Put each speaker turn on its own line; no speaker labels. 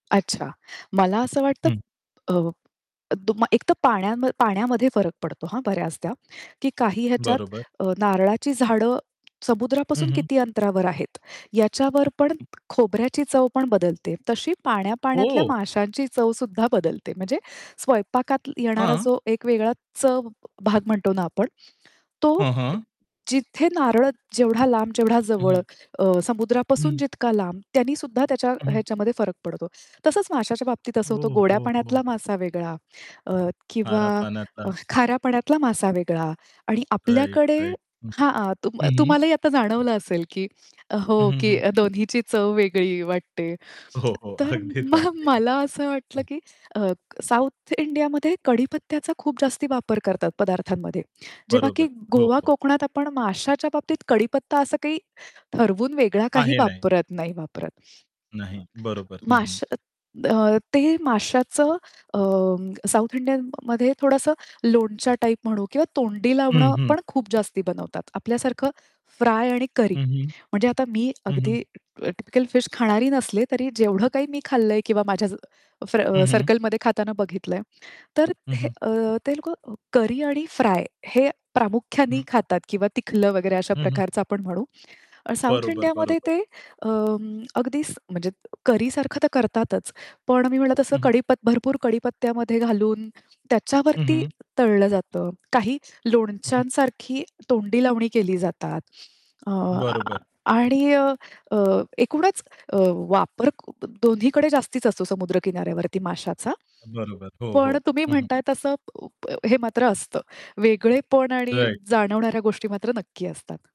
अच्छा मला असं वाटतं
हं.
अ, एकदम एक तर पाण्याम पाण्यामध्ये फरक पडतो हा बऱ्याचदा, की काही ह्याच्यात
बरोबर.
अ, नारळाची झाडं
हं,
समुद्रापासून
हं.
किती अंतरावर आहेत, याच्यावर पण
हं.
खोबऱ्याची चव पण बदलते. तशी पाण्या-पाण्यातल्या
हो.
माशांची चवसुद्धा बदलते. म्हणजे स्वयंपाकात येणारा
हां.
जो एक वेगळा चव भाग म्हणतो ना आपण, तो
हां,
अ,
हां.
जिथे नारळ जेवढा लांब, जेवढा जवळ
हं.
अ, समुद्रापासून
हं.
जितका लांब त्यानी सुद्धा त्याच्या
हं.
ह्याच्यामध्ये, फरक पडतो. तसंच माशाच्या बाबतीत असं
हो,
होतं गोड्या
हो, हो,
पाण्यातला
हो.
मासा वेगळा अ, किंवा
खाऱ्या पाण्याचा.
अ, खाऱ्या पाण्यातला मासा वेगळा आणि
राइट,
आपल्याकडे
राइट. हं.
हां, तुम
हं, हं.
तुम्हाला ही आता जाणवलं असेल, की
हं,
हो,
हं,
की
हं.
दोन्हीची चव वेगळी वाटते.
हो, हो.
तर
अगदीच
मग
वाटते.
मला असं वाटलं,
हं.
की अ, साउथ इंडियामध्ये कडीपत्त्याचा खूप जास्ती वापर करतात पदार्थांमध्ये. जेव्हा
बरोबर.
की
हो,
गोवा
हो.
कोकणात आपण माशाच्या बाबतीत कडीपत्ता असं काही, ठरवून वेगळा काही
आहे नाही.
वापरत, नाही वापरत.
नाही, बरोबर. हं, हं.
माश अ, ते माश्याचं अ, साउथ इंडियनमध्ये थोडंसं लोणच्या टाइप म्हणू किंवा तोंडी
हं,
लावणं,
हं.
पण खूप जास्ती बनवतात. आपल्यासारखं फ्राय आणि करी.
हं, हं.
म्हणजे आता मी
हं, हं.
अगदी टिपिकल फिश खाणारी नसले, तरी जेवढं काही मी खाल्लंय किंवा माझ्या फ
हं, हं.
सर्कलमध्ये खाताना बघितलंय. तर
हं,
हे
हं.
अ, ते लोकं करी आणि फ्राय हे प्रामुख्याने
हं.
खातात किंवा तिखलं वगैरे अशा
हं, हं.
प्रकारचं आपण म्हणू. साउथ
बरोबर,
इंडियामध्ये
बरोबर.
ते अं, अगदीच म्हणजे करी सारखं तर करतातच. पण मी म्हणलं तसं
हं, हं.
कडीप भरपूर कडीपत्त्यामध्ये घालून,
हं,
त्याच्यावरती
हं.
तळलं जातं. काही
हं, हं.
लोणच्यांसारखी तोंडी लावणी केली जातात. आह
बरोबर.
आणि अ, अ, एकूणच अ, वापर क दोन्हीकडे जास्तीच असतो समुद्र किनाऱ्यावरती माशाचा.
बरोबर. हो,
पण
हो.
तुम्ही
हं, हं
म्हणताय तसं उप हे मात्र असतं. वेगळेपण आणि
राइट.
जाणवणाऱ्या गोष्टी मात्र नक्की असतात.